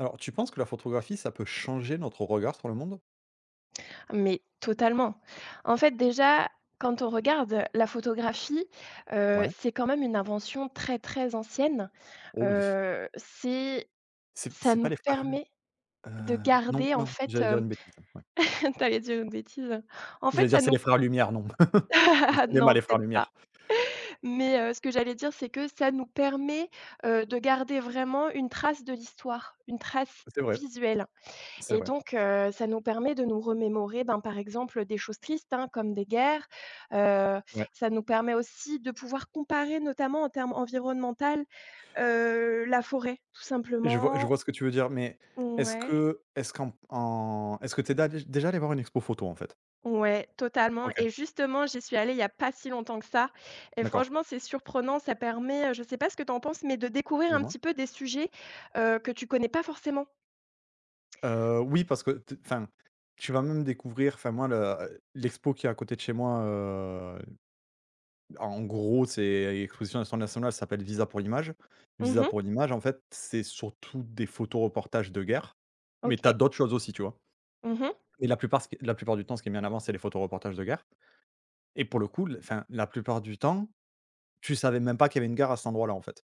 Alors, tu penses que la photographie, ça peut changer notre regard sur le monde? Mais totalement. En fait, déjà, quand on regarde la photographie, heu, Ouais. c'est quand même une invention très, très ancienne, Oh oui. heu, c'est C'est p ça c'est pas nous les frères permet heu, de non, garder, en non, fait, j'allais dire hem. une bêtise, ouais. Tu allais dire une bêtise, heu? En fait, J'allais dire ça c'est nous les frères Lumière, non. C'est le cinéma Non, les frères peut-être pas. Lumière. Mais, heu, ce que j'allais dire, c'est que ça nous permet, heu, de garder vraiment une trace de l'histoire, une trace Ça c'est vrai, visuelle c'est et vrai. donc, heu, ça nous permet de nous remémorer, ben, par exemple, des choses tristes, hein, comme des guerres, heu, Ouais. ça nous permet aussi de pouvoir comparer notamment en termes environnemental, heu, la forêt, tout Je vois je simplement. vois ce que tu veux dire, mais est-ce Ouais. que est-ce qu'en m en est-ce que tu es déjà- déjà allée voir une expo photo, en fait? Ouais, totalement OK. et justement j'y suis allée il y a pas si longtemps que ça, et D'accord. franchement c'est surprenant, ça permet, heu, je sais pas ce que tu en penses, mais de découvrir un Dis-moi. petit peu des sujets, heu, que tu connais pas forcément. Heu, oui, parce que t enfin, tu vas même découvrir, enfin, moi, le, heu, l'expo qui est à côté de chez moi, heu, en gros, c'est l'exposition natio nationale ça s'appelle Visa pour l'image Mmh Visa mh. pour l'image, en fait, c'est surtout des photos reportages de guerre, mais tu as OK. d'autres choses aussi, tu vois? Mmh mh. Et la plupart, ce qui la plupart du temps, ce qui est mis en avant c'est les photos reportages de guerre et pour le coup, le enfin la plupart du temps, tu savais même pas qu'il y avait une guerre à cet endroit-là, en fait.